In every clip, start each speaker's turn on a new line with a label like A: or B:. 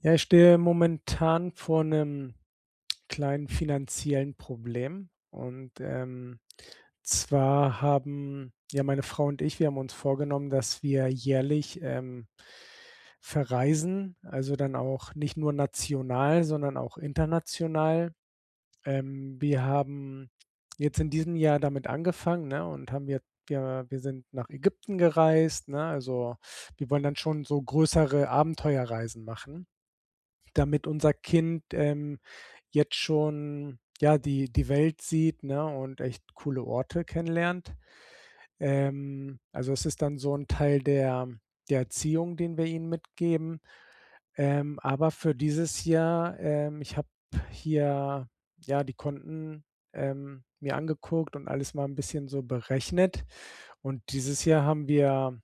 A: Ja, ich stehe momentan vor 'nem kleinen finanziellen Problem und, ähm, zwar haben ja, meine Frau und ich, wir haben uns vorgenommen, dass wir jährlich, ähm, verreisen. Also, dann auch nicht nur national, sondern auch international. Ähm, wir haben jetzt in diesem Jahr damit angefangen, ne, und haben ja wir wir sind nach Ägypten gereist, ne? Also, wir wollen dann schon so größere Abenteuerreisen machen, damit unser Kind, ähm, jetzt schon ja, die die Welt sieht, ne, und echt coole Orte kennenlernt. Ähm, also es ist dann so 'n Teil der der Erziehung, den wir ihm mitgeben. Ähm, aber für dieses Jahr, ähm ich habe hier, ja, die Konten, ähm, mir angeguckt und alles mal 'n bisschen so berechnet. Und dieses Jahr haben wir,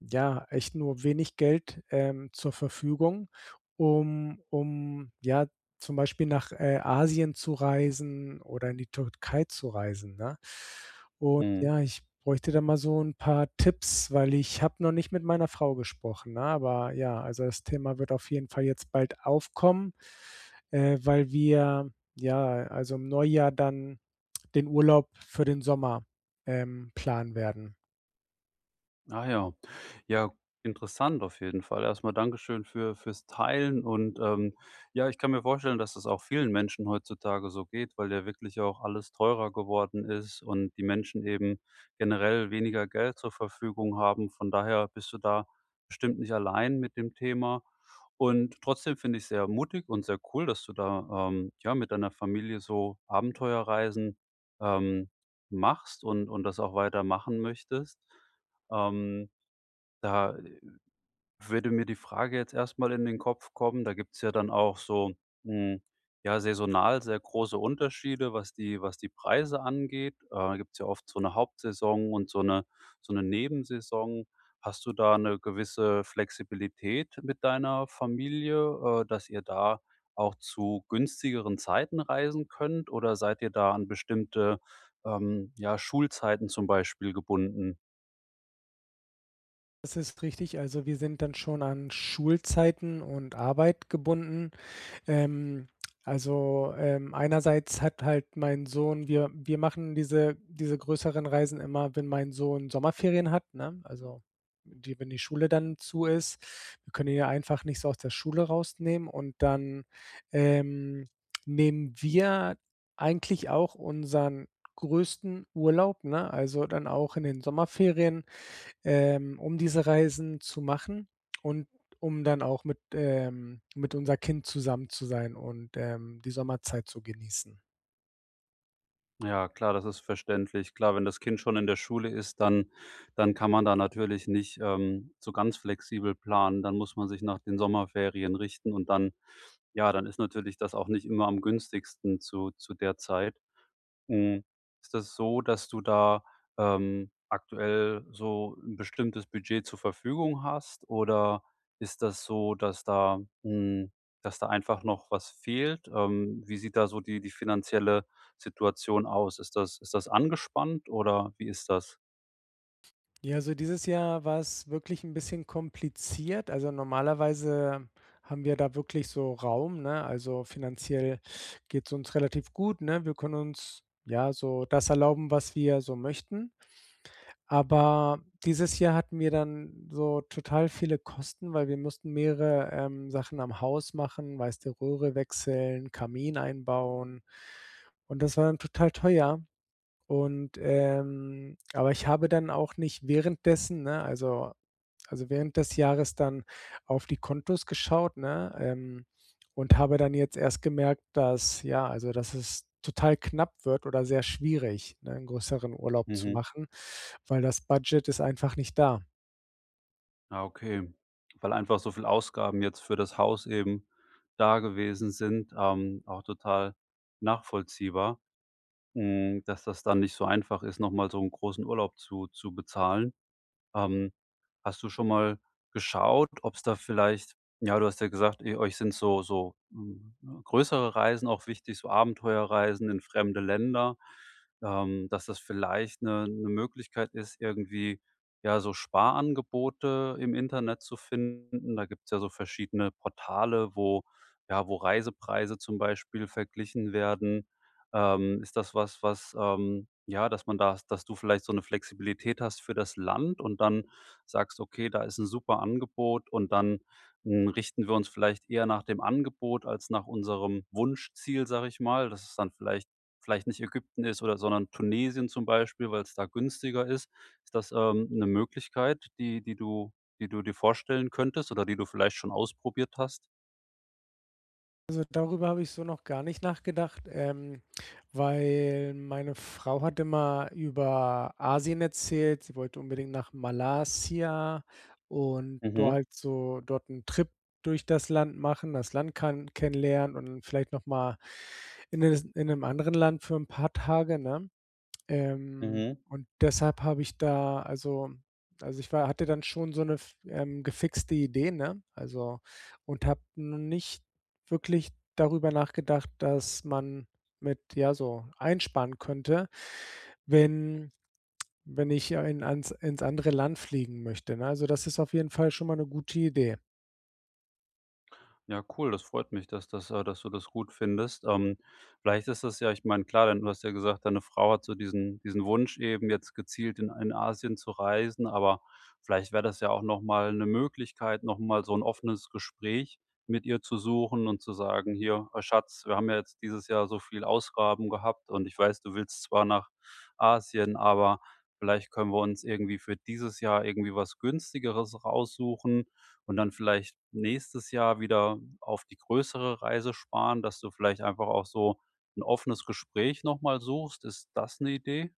A: ja, echt nur wenig Geld, ähm, zur Verfügung, um um, ja, zum Beispiel nach, äh, Asien zu reisen oder in die Türkei zu reisen, ne? Und,
B: Mhm.
A: ja, ich bräuchte da mal so 'n paar Tipps, weil ich habe noch nicht mit meiner Frau gesprochen, ne? Aber, ja also, das Thema wird auf jeden Fall jetzt bald aufkommen, äh, weil wir, ja, also im Neujahr dann den Urlaub für den Sommer, ähm, planen werden.
B: Ah ja, ja, interessant. Auf jeden Fall erstmal Dankeschön für für's Teilen und, ähm ja, ich kann mir vorstellen, dass es auch vielen Menschen heutzutage so geht, weil ja wirklich auch alles teurer geworden ist und die Menschen eben generell weniger Geld zur Verfügung haben. Von daher bist du da bestimmt nicht allein mit dem Thema. Und trotzdem finde ich es sehr mutig und sehr cool, dass du da, ähm, ja, mit deiner Familie so Abenteuerreisen, ähm, machst und und das auch weiter machen möchtest. Ähm, da, äh, würde mir die Frage jetzt erstmal in den Kopf kommen Da gibt es ja dann auch so, hm, ja saisonal sehr große Unterschiede, was die was die Preise angeht. Äh, da gibt es ja oft so 'ne Hauptsaison und so 'ne so 'ne Nebensaison. Hast du da 'ne gewisse Flexibilität mit deiner Familie, äh, dass ihr da auch zu günstigeren Zeiten reisen könnt? Oder seid ihr da an bestimmte, ähm, ja, Schulzeiten zum Beispiel gebunden?
A: Das ist richtig. Also, wir sind dann schon an Schulzeiten und Arbeit gebunden. Ähm. Also, ähm, einerseits hat halt mein Sohn wir wir machen diese diese größeren Reisen immer, wenn mein Sohn Sommerferien hat, ne? Also die wenn die Schule dann zu ist, wir können ihn ja einfach nicht so aus der Schule rausnehmen und dann, ähm, nehmen wir eigentlich auch unseren größten Urlaub, ne? Also, dann auch in den Sommerferien, ähm, um diese Reisen zu machen und um dann auch mit ähm, mit unser Kind zusammen zu sein und, ähm, die Sommerzeit zu genießen.
B: Ja, klar, das ist verständlich. Klar, wenn das Kind schon in der Schule ist, dann dann kann man da natürlich nicht, ähm, so ganz flexibel planen. Dann muss man sich nach den Sommerferien richten und dann ja, dann ist natürlich das auch nicht immer am günstigsten zu zu der Zeit. Hm, ist das so, dass du da, ähm, aktuell so 'n bestimmtes Budget zur Verfügung hast? Oder ist das so, dass da hm, dass da einfach noch was fehlt? Ähm, wie sieht da so die die finanzielle Situation aus? Ist das ist das angespannt, oder wie ist das?
A: Ja, also dieses Jahr war es wirklich 'n bisschen kompliziert. Also normalerweise haben wir da wirklich so Raum, ne? Also, finanziell geht's uns relativ gut, ne? Wir können uns, ja, so das erlauben, was wir so möchten. Aber dieses Jahr hatten wir dann so total viele Kosten, weil wir mussten mehrere, ähm, Sachen am Haus machen, weißt du, Röhre wechseln, Kamin einbauen und das war dann total teuer. Und, ähm aber ich habe dann auch nicht währenddessen ne, also also während des Jahres dann auf die Kontos geschaut, ne? Ähm, und habe dann jetzt erst gemerkt, dass, ja also, dass es total knapp wird oder sehr schwierig, ne, 'n größeren Urlaub zu
B: Mhm.
A: machen, weil das Budget ist einfach nicht da.
B: Ah, okay. Weil einfach so viel Ausgaben jetzt für das Haus eben da gewesen sind. Ähm, auch total nachvollziehbar, hm, dass das dann nicht so einfach ist, noch mal so 'n großen Urlaub zu zu bezahlen. Ähm, hast du schon mal geschaut, ob's da vielleicht ja, du hast ja gesagt, ihr euch sind so so g g größere Reisen auch wichtig, so Abenteuerreisen in fremde Länder ähm, dass das vielleicht 'ne 'ne Möglichkeit ist, irgendwie, ja, so Sparangebote im Internet zu finden? Da gibt's ja so verschiedene Portale, wo ja, wo Reisepreise zum Beispiel verglichen werden. Ähm, ist das was, was, ähm ja, dass man da dass du vielleicht so 'ne Flexibilität hast für das Land und dann sagst: „Okay, da ist 'n super Angebot. Und dann, hm, richten wir uns vielleicht eher nach dem Angebot als nach unserem Wunschziel“, sage ich mal, dass es dann vielleicht vielleicht nicht Ägypten ist, oder sondern Tunesien zum Beispiel, weil's da günstiger ist. Ist das, ähm, 'ne Möglichkeit, die die du die du dir vorstellen könntest oder die du vielleicht schon ausprobiert hast?
A: Also, darüber habe ich so noch gar nicht nachgedacht, ähm, weil meine Frau hat immer über Asien erzählt, sie wollte unbedingt nach Malaysia und do
B: Mhm.
A: halt so dort ‘n Trip durch das Land machen, das Land kann kennenlernen und vielleicht nochmal in es in ‘nem anderen Land für ‘n paar Tage, ne? Ähm,
B: Mhm.
A: und deshalb habe ich da also also ich wa hatte dann schon so ‘ne f ähm, gefixte Idee, ne? Also, und habe no nicht wirklich darüber nachgedacht, dass man mit ja, so einsparen könnte, wenn wenn ich ein ans ins andere Land fliegen möchte, ne, also das ist auf jeden Fall schon mal ‘ne gute Idee.
B: Ja, cool. Das freut mich, dass das äh, dass du das gut findest. Ähm, vielleicht ist das ja ich meine, klar, denn du hast ja gesagt, deine Frau hat so diesen diesen Wunsch eben jetzt gezielt in ein Asien zu reisen, aber vielleicht wäre das ja auch nochmal ‘ne Möglichkeit, nochmal so ‘n offenes Gespräch mit ihr zu suchen und zu sagen: „Hier, ah, Schatz, wir haben ja jetzt dieses Jahr so viele Ausgaben gehabt und ich weiß, du willst zwar nach Asien, aber vielleicht können wir uns irgendwie für dieses Jahr irgendwie was Günstigeres raussuchen und dann vielleicht nächstes Jahr wieder auf die größere Reise sparen.“ Dass du vielleicht einfach auch so ‘n offenes Gespräch nochmal suchst. Ist das ‘ne Idee?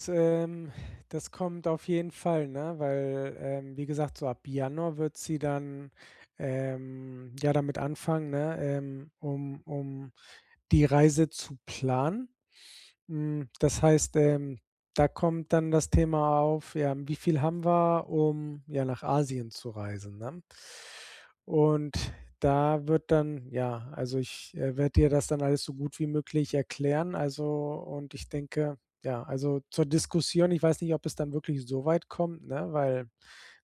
A: S ähm. Das kommt auf jeden Fall, ne, weil, ähm, wie gesagt, so ab Januar wird sie dann, ähm, ja damit anfangen, ne, ähm, um um die Reise zu planen. Hm, das heißt, ähm, da kommt dann das Thema auf, ja, wie viel haben wir, um ja nach Asien zu reisen, ne? Und da wird dann ja, also ich, äh, werde ihr das dann alles so gut wie möglich erklären, also, und ich denke ja, also zur Diskussion, ich weiß nicht, ob es dann wirklich so weit kommt, ne, weil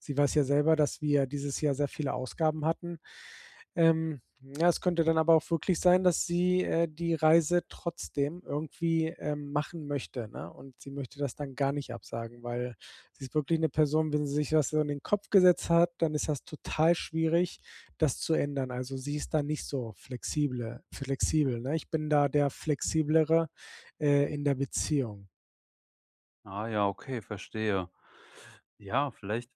A: sie weiß ja selber, dass wir dieses Jahr sehr viele Ausgaben hatten. Ähm, ja, es könnte dann aber auch wirklich sein, dass sie, äh, die Reise trotzdem irgendwie, ähm, machen möchte, ne? Und sie möchte das dann gar nicht absagen, weil sie ist wirklich ´ne Person, wenn sie sich was so in den Kopf gesetzt hat, dann ist das total schwierig, das zu ändern. Also sie ist da nicht so flexible flexibel, ne? Ich bin da der flexiblere, äh, in der Beziehung.
B: Ah ja, okay, verstehe. Ja, vielleicht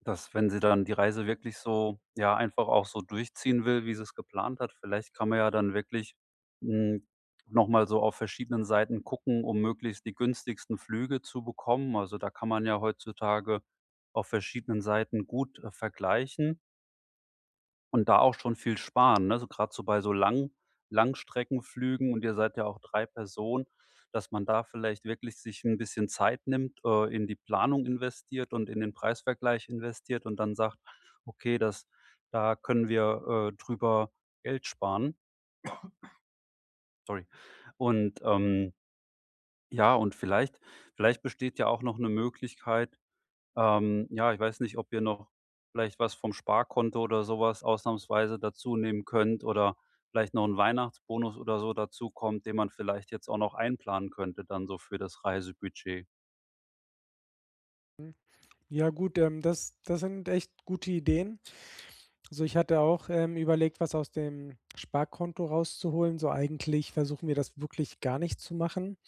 B: dass, wenn sie dann die Reise wirklich so, ja, einfach auch so durchziehen will, wie sie es geplant hat. Vielleicht kann man ja dann wirklich, hm, noch mal so auf verschiedenen Seiten gucken, um möglichst die günstigsten Flüge zu bekommen. Also da kann man ja heutzutage auf verschiedenen Seiten gut, äh, vergleichen und da auch schon viel sparen, ne, so grad so bei so Lang Langstreckenflügen. Und ihr seid ja auch 3 Personen, dass man da vielleicht wirklich sich 'n bisschen Zeit nimmt, äh, in die Planung investiert und in den Preisvergleich investiert und dann sagt: „Okay, das da können wir, äh, drüber Geld sparen.“ Sorry. Und, ähm Ja, und vielleicht vielleicht besteht ja auch noch 'ne Möglichkeit ähm, ja, ich weiß nicht, ob ihr noch vielleicht was vom Sparkonto oder sowas ausnahmsweise dazu nehmen könnt oder vielleicht noch 'n Weihnachtsbonus oder so dazukommt, den man vielleicht jetzt auch noch einplanen könnte, dann so für das Reisebudget?
A: Hm, ja gut, ähm, das das sind echt gute Ideen. So, ich hatte auch, ähm, überlegt, was aus dem Sparkonto rauszuholen, so eigentlich versuchen wir das wirklich gar nicht zu machen.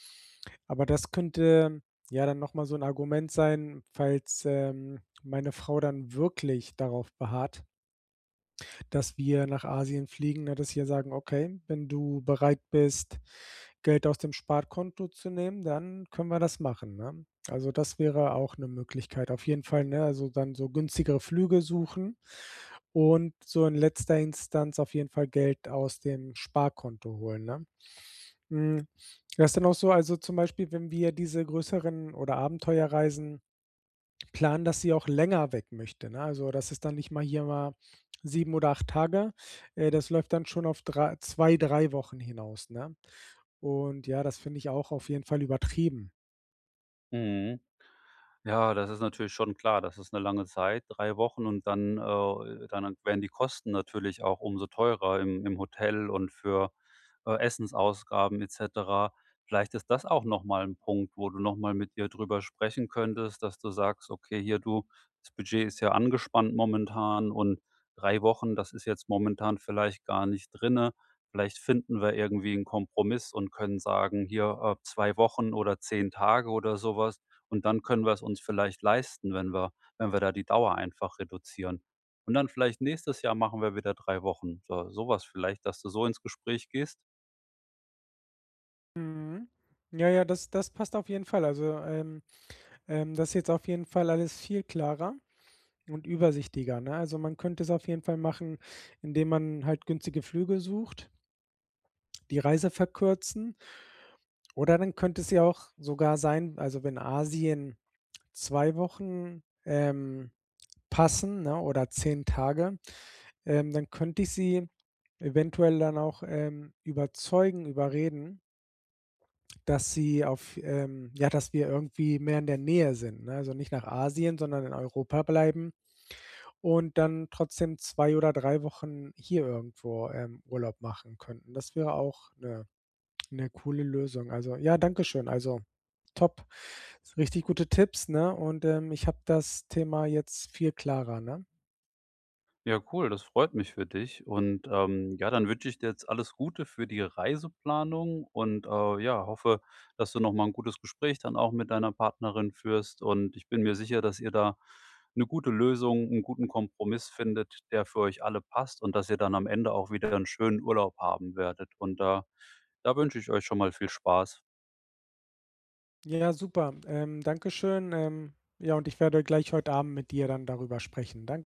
A: Aber das könnte ja dann nochmal so 'n Argument sein, falls, ähm, meine Frau dann wirklich darauf beharrt dass wir nach Asien fliegen, na, dass wir sagen: „Okay, wenn du bereit bist Geld aus dem Sparkonto zu nehmen, dann können wir das machen, ne?" Also, das wäre auch 'ne Möglichkeit, auf jeden Fall, ne, also dann so günstigere Flüge suchen und so in letzter Instanz auf jeden Fall Geld aus dem Sparkonto holen, ne? Hm, das ist dann auch so, also zum Beispiel, wenn wir diese größeren oder Abenteuerreisen planen, dass sie auch länger weg möchte, ne? Also, das ist dann nicht mal hier mal 7 oder 8 Tage, äh, das läuft dann schon auf drei zwei, drei Wochen hinaus, ne? Und ja, das finde ich auch auf jeden Fall übertrieben.
B: Mhm. Ja, das ist natürlich schon klar. Das ist 'ne lange Zeit, 3 Wochen und dann, äh, dann werden die Kosten natürlich auch um so teurer im im Hotel und für, äh, Essensausgaben et cetera. Vielleicht ist das auch nochmal 'n Punkt, wo du nochmal mit ihr darüber sprechen könntest, dass du sagst: „Okay, hier, du, das Budget ist ja angespannt momentan und 3 Wochen, das ist jetzt momentan vielleicht gar nicht drinnen. Vielleicht finden wir irgendwie 'n Kompromiss und können sagen: ‚Hier, äh, 2 Wochen oder 10 Tage oder sowas.‘ Und dann können wir's uns vielleicht leisten, wenn wir wenn wir da die Dauer einfach reduzieren. Und dann vielleicht nächstes Jahr machen wir wieder 3 Wochen,“ äh, sowas vielleicht, dass du so ins Gespräch gehst?
A: Mhm. Ja, ja, das das passt auf jeden Fall. Also, ähm ähm, das jetzt auf jeden Fall alles viel klarer und übersichtlicher, ne? Also, man könnte es auf jeden Fall machen, indem man halt günstige Flüge sucht die Reise verkürzen oder dann könnte es ja auch sogar sein also, wenn Asien 2 Wochen, ähm, passen, ne, oder 10 Tage, ähm, dann könnte ich sie eventuell dann auch, ähm, überzeugen, überreden dass sie auf ähm ja, dass wir irgendwie mehr in der Nähe sind, ne, also nicht nach Asien, sondern in Europa bleiben. Und dann trotzdem 2 oder 3 Wochen hier irgendwo, ähm, Urlaub machen könnten. Das wäre auch 'ne 'ne coole Lösung. Also ja, dankeschön. Also top. Richtig gute Tipps, ne, und, ähm, ich habe das Thema jetzt viel klarer, ne?
B: Ja, cool. Das freut mich für dich. Und, ähm, ja, dann wünsche ich dir jetzt alles Gute für die Reiseplanung und, äh, ja, hoffe, dass du noch mal 'n gutes Gespräch dann auch mit deiner Partnerin führst. Und ich bin mir sicher, dass ihr da 'ne gute Lösung, 'n guten Kompromiss findet, der für euch alle passt. Und dass ihr dann am Ende auch wieder 'n schönen Urlaub haben werdet. Und da da wünsche ich euch schon mal viel Spaß.
A: Ja, super. Ähm, dankeschön. Ähm, ja, und ich werde gleich heute Abend mit ihr dann darüber sprechen. Dan